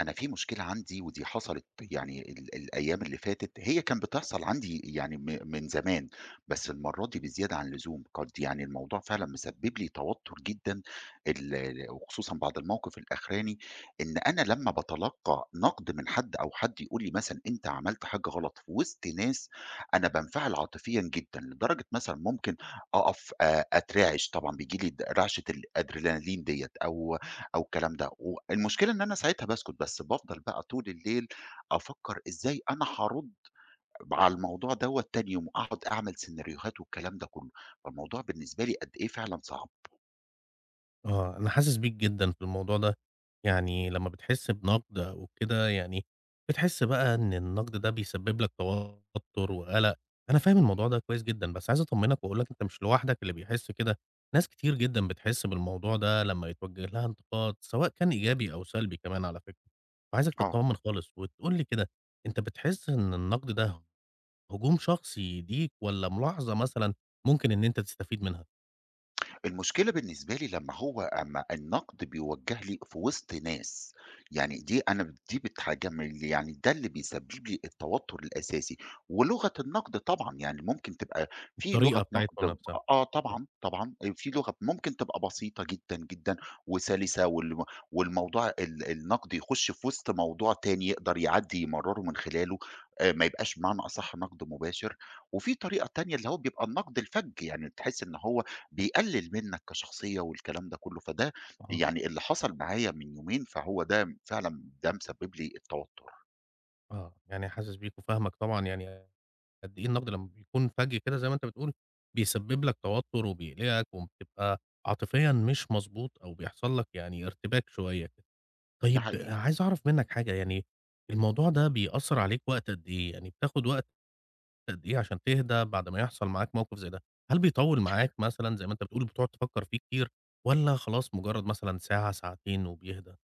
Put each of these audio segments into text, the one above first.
أنا في مشكلة عندي ودي حصلت يعني ال الأيام اللي فاتت، هي كان بتحصل عندي يعني م من زمان، بس المرّه دي بزيادة عن اللزوم، قَدْ يعني الموضوع فعلًا مسبّب لي توتر جدًا، ال وخصوصًا بعد الموقف الأخراني، إن أنا لمّا باتلقّى نقد من حد أو حد يقول لي مثلًا أنت عملت حاجة غلط في وسط ناس، أنا بانفعل عاطفيًا جدًا، لدرجة مثلًا ممكن أقف، آآ، أترعِش، طبعًا بييجي لي د رعشة الAdrenaline ديَّة أو أو الكلام ده، والمشكلة إن أنا ساعتها باسكت، بس بافضل بقى طول الليل أفكّر إزاي أنا حارُدّ ب على الموضوع دوَّة تاني يوم، أقعد أعمل سيناريوهات والكلام ده كُلّه، فالموضوع بالنسبة لي قدّ إيه فعلًا صعب. آه، أنا حاسس بيك جدًا في الموضوع ده، يعني لمّا بتحس بنقد أو كده يعني، بتحس بقى إن النقد ده بيسبب لك توتر وقلق، أنا فاهم الموضوع ده كويس جدًا، بس عايز أطمنّك وأقول لك أنت مش لوحدك اللي بيحس كده، ناس كتير جدًا بتحس بالموضوع ده لمّا يتوجه لها انتقاد، سواء كان إيجابي أو سلبي كمان على فكرة، فعايزك آه. تطمّن خالص، وتقول لي كده أنت بتحس إن النقد ده، هجوم شخصي ليك، والَّا ملاحظة مثلًا ممكن إن أنت تستفيد منها؟ المشكلة بالنسبة لي لمّا هو أمّا النَقْد بيوجّه لي في وِسط ناس، يعني دي أنا دي بتحجمل يعني ده اللي بيسبِّب لي التوتُّر الأساسي. ولغة النَقْد طبعًا يعني ممكن تبقى في لغة الطريقة نَقْد بتاعتكم ب نَفْسها، آه آه. طبعًا، طبعًا، آآ في لغة ممكن تبقى بسيطة جدًا، جدًا وسَلِسَة والم والموضوع ال النَقْد يخُش في وِسط موضوع تاني يقدر يعدّي يمرَّره من خلاله، آآ ما يبقاش بمعنى أصح نَقْد مباشر وفي طريقة تانية اللي هو بيبقى النَقْد الفَجّ، يعني تحس إن هو بيقلِّل منّك كشخصية والكلام ده كُلّه، فده آه. يعني اللي حصل معايا من يومين، فهو ده فعلًا ده مسبِّب لي التوتُّر. آه، يعني حاسِس بيك وفاهمك طبعًا يعني قدّ إيه النَقد لمّا بيكون فَجّ كده زي ما أنت بتقول، بيسبِّب لك توتُّر وبيقلِقك وبتبقى عاطفيًا مش مضبوط أو بيحصل لك يعني ارتباك شوية. ده طيب حقيقي. عايز أعرف منّك حاجة، يعني الموضوع ده بيأثّر عليك وقت قد إيه؟ يعني بتاخُد وقت قد إيه عشان تهدا بعد ما يحصل معاك موقف زي ده؟ هل بيطوِّل معاك مثلًا زي ما أنت بتقول بتقعُد تفكّر فيه كتير والّا خلاص مُجرّد مثلًا ساعة، ساعتين وبيهدا؟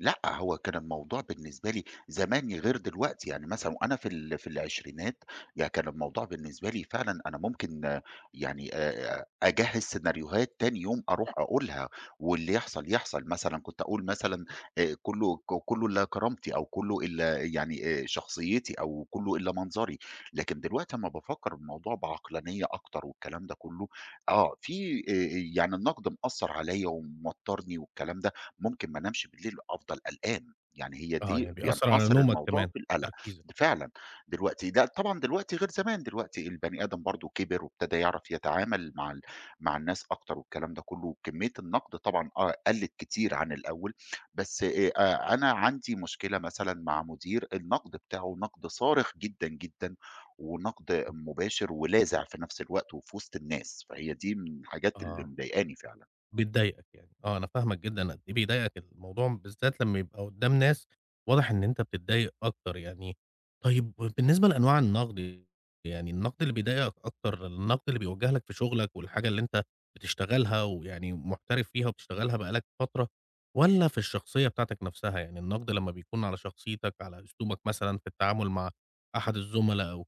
لأ، هو كان الموضوع بالنسبة لي زمان غير دلوقتي. يعني مثلًا وأنا في ال في العشرينات، يعني كان الموضوع بالنسبة لي فعلًا أنا ممكن يعني آآ أجهِّز سيناريوهات تاني يوم أروح أقولها واللي يحصل يحصل. مثلًا كنت أقول مثلًا آآ كُلّه ك كُلّه إلّا كرامتي أو كُلّه إلّا يعني آآ شخصيتي أو كُلّه إلّا منظري. لكن دلوقتي أمّا بافكّر الموضوع بعقلانية أكتر والكلام ده كُلّه، آه، في آآ يعني النَقْد مأثّر عليّا وموتَّرني والكلام ده. ممكن ما أنامش بالليل وأفضل قلقان. يعني هي آه، دي يعني بيأثّر على بينحصر نومك الموضوع كمان في القَلَق. وتركيزك. فعلًا دلوقتي ده طبعًا دلوقتي غير زمان، دلوقتي البني آدم برضه كِبِر وابتدى يعرف يتعامل مع ال مع الناس أكتر والكلام ده كُلّه وكمية النَقْد طبعًا آه، قُلت كتير عن الأول، بس آآ أ أنا عندي مشكلة مثلًا مع مدير النَقْد بتاعه نَقْد صارخ جدًا، جدًا ونَقْد مباشر ولاذع في نَفْس الوقت وفي وِسط الناس، فهي دي من الحاجات اللي آه. مضايقاني فعلًا. بتضايقك يعني. آه، أنا فاهمك جدًا قد إيه بيضايقك الموضوع، بالذات لمّا يبقى قُدّام ناس واضح إن أنت بتتضايق أكتر يعني. طيب، وبالنسبة لأنواع النَقْد، يعني الْنَقد اللي بيضايقك أكتر، النَقْد اللي بيُوَجّه لك في شُغلك والحاجة اللي أنت بتشتغلها ويعني محترف فيها وبتشتغلها بقى لك فترة والّا في الشخصية بتاعتك نَفْسها؟ يعني النَقْد لمّا بيكون على شخصيتك، على أسلوبك مثلًا في التعامل مع أحد الزُملا أو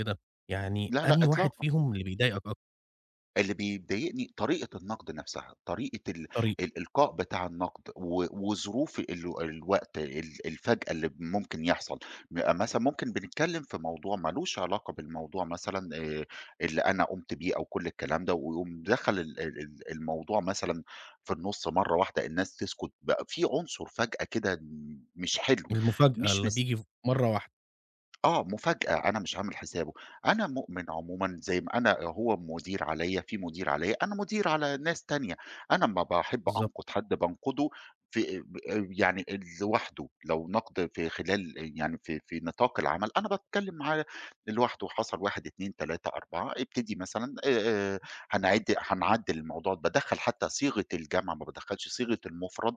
كده، يعني لا، لا، أنهي واحد إطلاقًا. فيهم اللي بيضايقك أك اللي بيضايقني طريقة النقد نفسها، طريقة ال طريقة. الإلقاء بتاع النقد، و وظروف ال الوقت ال الفجأة اللي ممكن يحصل، يبقى مثلًا ممكن بنتكلم في موضوع ما لوش علاقة بالموضوع مثلًا، آآ، اللي أنا قُمت بيه، أو كُلّ الكلام ده، ويقوم دخل ال ال الموضوع مثلًا في النُصّ مرّه واحدة، الناس تسكت، بقى في عنصر فجأة كده م مش حلو، المفاجأة مش اللي مس بييجي ف مرّه واحدة. آه، مفاجأة، أنا مش عامل حسابُه، أنا مؤمن عمومًا زي ما أنا هو مدير عليَّ، في مدير عليَّ، أنا مدير على ناس تانية، أنا أمّا باحب بالضبط. أنقد حد بانقدُه في، آآ، يعني لوحدُه، لو نقد في خلال آآ، يعني في في نطاق العمل، أنا باتكلم معاه لوحده، حصل 1 2 3 4 ابتدي مثلًا، آآ آآ هنعدّ هنعدّل الموضوع، بادخّل حتى صيغة الجمع، ما بادخّلش صيغة المفرد،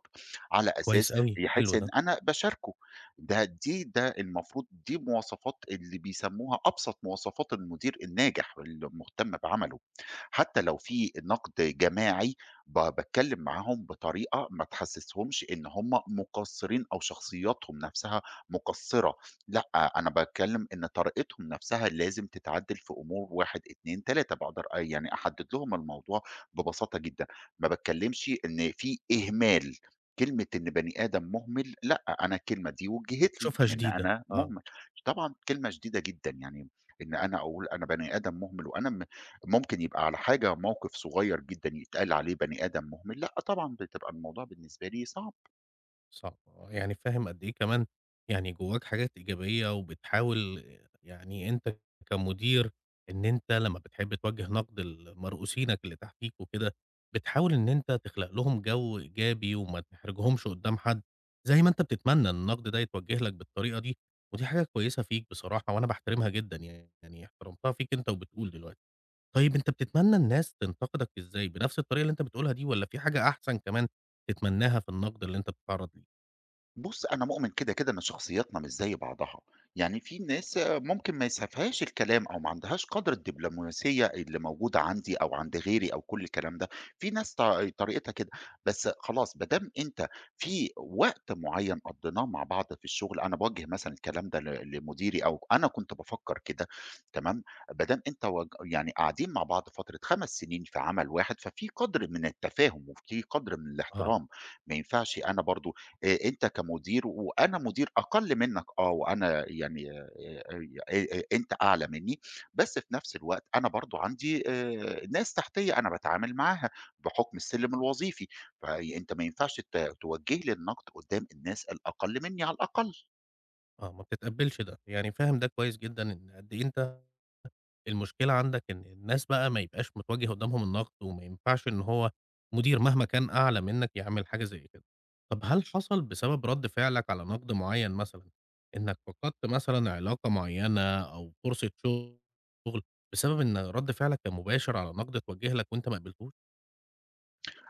على أساس كويس أوي، يحس حلو إن ده. أنا باشاركه، ده، دي، ده المفروض دي مواصفات اللي بيسموها أبسط مواصفات المدير الناجح، اللي مهتم بعمله. حتى لو في نقد جماعي ب باتكلم معاهم بطريقة ما تحسسهُمش إن هم مقصرين أو شخصياتهم نفسها مُقصِّرة، لأ، أنا باتكلم إن طريقتهم نفسها لازم تتعدّل في أمور 1 2 3 باقدر آآ، يعني أحدّد لهم الموضوع ببساطة جدًا، ما باتكلمش إن في إهمال، كلمة إن بني آدم مهمل، لأ، أنا الكلمة دي وُجِهِّت لي، بتشوفها إن شديدة، أنا آه. مهمل، طبعًا كلمة شديدة جدًا، يعني إن أنا أقول أنا بني آدم مهمل، وأنا م ممكن يبقى على حاجة موقف صغير جدًا، يتقال عليه بني آدم مهمل، لأ، طبعًا بتبقى الموضوع بالنسبة لي صعب. صح، يعني فاهم قد إيه كمان يعني جواك حاجات إيجابية وبتحاول يعني أنت كمدير إن أنت لمّا بتحب توجّه نقد لمرؤوسينك اللي تحتيك وكده، بتحاول إن أنت تخلق لهم جو إيجابي وما تحرجهُمش قدّام حد، زي ما أنت بتتمنى إن النقد ده يتوجّه لك بالطريقة دي، ودي حاجة كويسة فيك بصراحة، وأنا باحترمها جدًا يعني، يعني احترمتها فيك أنت وبتقول دلوقتي، طيب أنت بتتمنى الناس تنتقدك ازاي؟ بنفس الطريقة اللي أنت بتقولها دي والَّا في حاجة أحسن كمان تتمناها في النقد اللي أنت بتتعرّض ليه؟ بُصّ، أنا مؤمن كده، كده إن شخصياتنا مش زي بعضها، يعني فيه ناس ممكن ما يسعفهاش الكلام أو ما عندهاش قدر الدبلوماسية اللي موجودة عندي، أو عند غيري أو كُلّ الكلام ده، فيه ناس ط طريقتها كده، بس خلاص، بدام أنت في وقت معيّن قضّيناه مع بعض في الشغل، أنا باوجّه مثلًا الكلام ده ل لمديري أو أنا كنت بافكّر كده، تمام، بدام أنت واج يعني قاعدين مع بعض فترة 5 سنين في عمل واحد، ففيه قدر من التفاهم، وفيه قدر من آه. الاحترام، ما ينفعش أنا برضه، آآ، أنت كمدير وأنا مدير أقل منك آه، وأنا يعني آآ، آآ، أنت أعلى مني، بس في نفس الوقت أنا برضه عندي، آآ، ناس تحتيّا أنا باتعامل معاها، بحكم السلِّم الوظيفي، فأنت ما ينفعش ت توجّه لي النقد قدّام الناس الأقل مني على الأقل. آه، ما بتتقبّلش ده، يعني فاهم ده كويس جدًا إن قد إيه أنت المشكلة عندك، إن الناس بقى ما يبقاش متوجّه قدامهم النقد، وما ينفعش إن هو مدير مهما كان أعلى منك يعمل حاجة زي كده، طَب هل حصل بسبب رد فعلك على نقد معيّن مثلًا إنك فقدت مثلًا علاقة معيّنة أو فرصة شغل بسبب إن رد فعلك كان مباشر على نقد اتوجّه لك وانت ما قبلتوش؟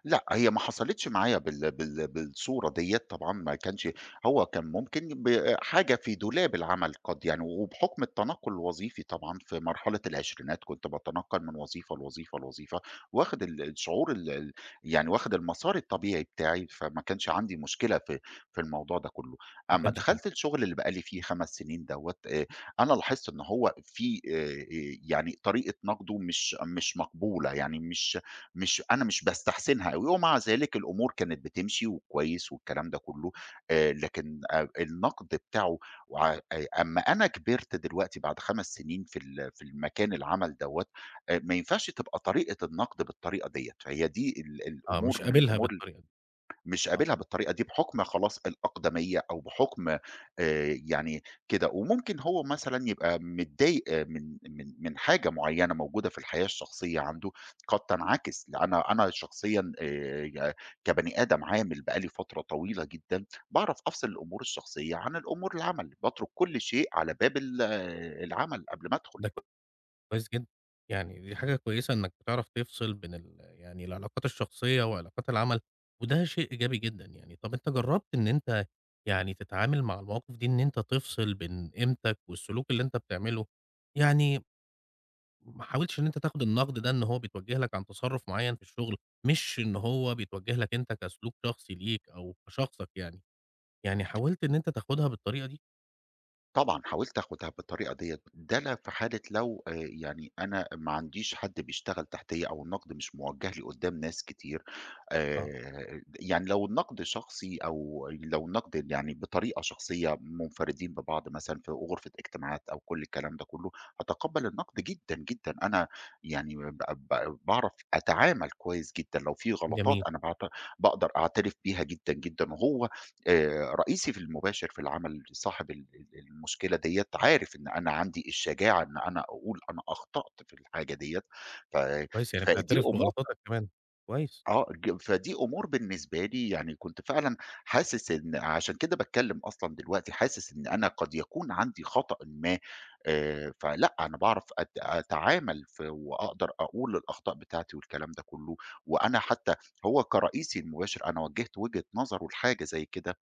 لأ، هي ما حصلتش معايا بال بال بالصورة ديّة، طبعًا ما كانش هو كان ممكن بحاجة في دولاب العمل قَدْ يعني وبحكم التنقل الوظيفي طبعًا، في مرحلة العشرينات كنت باتنقل من وظيفة لوظيفة، لوظيفة، واخد ال الشعور ال يعني واخد المسار الطبيعي بتاعي، فما كانش عندي مشكلة في في الموضوع ده كله، ما أما كانش كده. دخلت الشغل اللي بقى لي فيه 5 سنين دوّة، آآ أنا لاحظت إن هو في، آآ يعني طريقة نقده مش مش مقبولة، يعني مش مش أنا مش باستحسنها أوي، ومع ذلك الأمور كانت بتمشي وكويس والكلام ده كله، آآ لكن، آآ النقد بتاعه وع آآ أما أنا كبرت دلوقتي بعد 5 سنين في ال في المكان العمل دوّة آآ، ما ينفعش تبقى طريقة النقد بالطريقة ديّة، فهي دي ال آه، الأمور مش من قابلها الأمور ال بالطريقة دي، مش آه. قابلها بالطريقة دي، بحكم خلاص الأقدمية أو بحكم، آآ، يعني كده، وممكن هو مثلًا يبقى متضايق، من من من حاجة معيّنة موجودة في الحياة الشخصية عنده، قَدْ تنعكس، ل أنا أنا شخصيًا، آآ، ي كبني آدم عامل بقى لي فترة طويلة جدًا، باعرف أفصل الأمور الشخصية عن الأمور العمل، باترك كل شيء على باب ال العمل قبل ما أدخل. ده كويس جدًا، يعني دي حاجة كويسة إنك بتعرف تفصل بين ال يعني العلاقات الشخصية وعلاقات العمل، وده شيء إيجابي جدًا يعني. طَب أنت جربت إن أنت يعني تتعامل مع المواقف دي إن أنت تفصل بين قيمتك والسلوك اللي أنت بتعمله؟ يعني، ما حاولتش إن أنت تاخد النقد ده إن هو بيتوجه لك عن تصرف معيّن في الشغل، مش إن هو بيتوجه لك أنت كسلوك شخصي ليك أو كشخصك يعني، يعني حاولت إن أنت تاخدها بالطريقة دي؟ طبعًا، حاولت آخدها بالطريقة ديّة، ده لا في حالة لو، آآ، يعني أنا ما عنديش حد بيشتغل تحتيّا أو النقد مش موجه لي قدّام ناس كتير، آه. آآ، يعني لو النقد شخصي أو لو النقد يعني بطريقة شخصية، منفردين ببعض مثلًا في غرفة اجتماعات أو كُلّ الكلام ده كُلّه، أتقبّل النقد جدًا، جدًا، أنا يعني ب ب باعرف أتعامل كويس جدًا، لو فيه غلطات جميل. أنا باعت باقدر أعترف بيها جدًا، جدًا وهو، آآ، رئيسي في المباشر في العمل صاحب ال ال المشكلة ديَّة عارف إن أنا عندي الشجاعة إن أنا أقول أنا أخطأت في الحاجة ديَّة، ف كويس يعني فدي بتعترف أمور بغلطاتك كمان، كويس. آه، ج فدي أمور بالنسبة لي، يعني كنت فعلًا حاسس إن عشان كده باتكلم أصلًا دلوقتي، حاسس إن أنا قَدْ يكون عندي خطأٍ ما، آآ، فلأ، أنا باعرف أت أتعامل في وأقدر أقول الأخطاء بتاعتي والكلام ده كُلّه، وأنا حتى هو كرئيسي المباشر، أنا وجّهت وجهة نظرُه لحاجة زي كده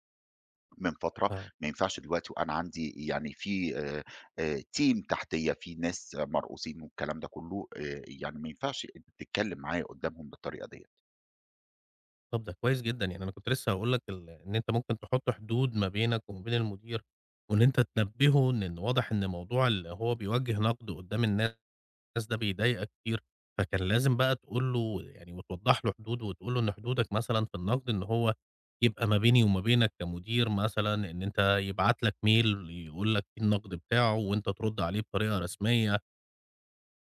من فترة، آه. ما ينفعش دلوقتي وأنا عندي يعني فيه، آآ، آآ، team تحتيّا، فيه ناس مرؤوسين والكلام ده كُلّه، آآ، يعني ما ينفعش تتكلم معايا قدّامهم بالطريقة ديَّة. طَب ده كويس جدًا، يعني أنا كنت لسّه هاقول لك ال إن أنت ممكن تحُط حدود ما بينك وما بين المدير وإن أنت تنبّهه إن إن واضح إن موضوع ال هو بيوجّه نَقْد قُدّام الناس ده بيضايقك كتير، فكان لازم بقى تقول له يعني وتوضّح له حدود وتقول له إن حدودك مثلًا في النَقْد إن هو يبقى ما بيني وما بينك كمدير مثلًا إن أنت يبعت لك mail يقول لك إيه النَقْد بتاعه وأنت ترُد عليه بطريقة رسمية.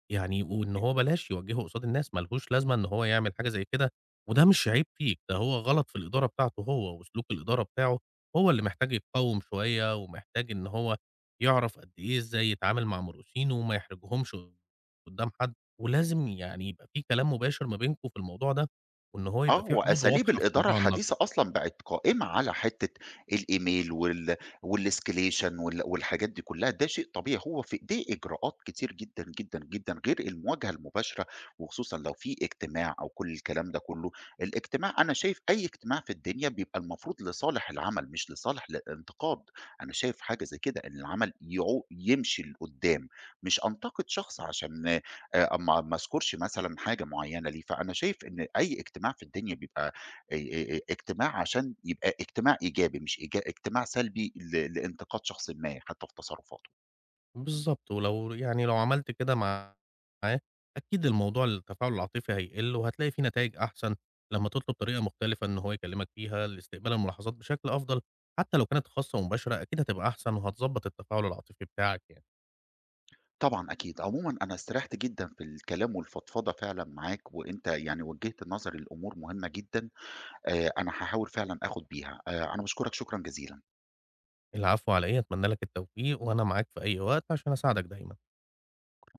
يعني وإن هو بلاش يوجّهه قصاد الناس، ما لهوش لازمة إن هو يعمل حاجة زي كده وده مش عيب فيك، ده هو غلط في الإدارة بتاعته هو وسلوك الإدارة بتاعه، هو اللي محتاج يتقوّم شوية ومحتاج إن هو يعرف قدّ إيه إزاي يتعامل مع مرؤوسينه وما يحرجهمش قُدّام حد ولازم يعني يبقى فيه كلام مباشر ما بينكم في الموضوع ده وإن هو يبقى آه، فيه حدود وأساليب واضحة في الإدارة موضوع النَقْد. الحديثة أصلًا بقت قائمة على حتّة الإيميل وال والescalation وال والحاجات دي كُلّها، ده شيء طبيعي، هو في إيديه إجراءات كتير جدًا، جدًا، جدًا غير المواجهة المباشرة وخصوصًا لو فيه اجتماع أو كل الكلام ده كُلّه، الاجتماع أنا شايف أي اجتماع في الدنيا بيبقى المفروض لصالح العمل مش لصالح الانتقاد، أنا شايف حاجة زي كده إن العمل يعو يمشي لقُدّام، مش أنتَقِد شخص عشان آآ ما ما أذكُرش مثلًا حاجة معيّنة ليه، فأنا شايف إن أي اجتماع في الدنيا بيبقى آآ، آآ، اجتماع عشان يبقى اجتماع إيجابي، مش ايج اجتماع سلبي ل لإنتقاد شخصٍ ما حتّى في تصرفاته. بالضبط، ولو يعني لو عملت كده معاه، أكيد الموضوع التفاعل العاطفي هيقِل وهتلاقي فيه نتايج أحسن لمّا تطلُب طريقة مختلفة إن هو يكلِّمك فيها لاستقبال الملاحظات بشكل أفضل، حتّى لو كانت خاصة ومباشرة، أكيد هتبقى أحسن وهتضّبط التفاعل العاطفي بتاعك يعني. طبعًا أكيد. عمومًا أنا استريّحت جدًا في الكلام والفضفضة فعلًا معاك وأنت يعني وجّهت نظري لأمور مهمة جدًا، آآ أنا هاحاول فعلًا آخُد بيها. آآ أنا باشكرك شكرًا جزيلًا. العفو، علي إيه؟ أتمنّى لك التوفيق وأنا معاك في أي وقت عشان أساعدك دايمًا.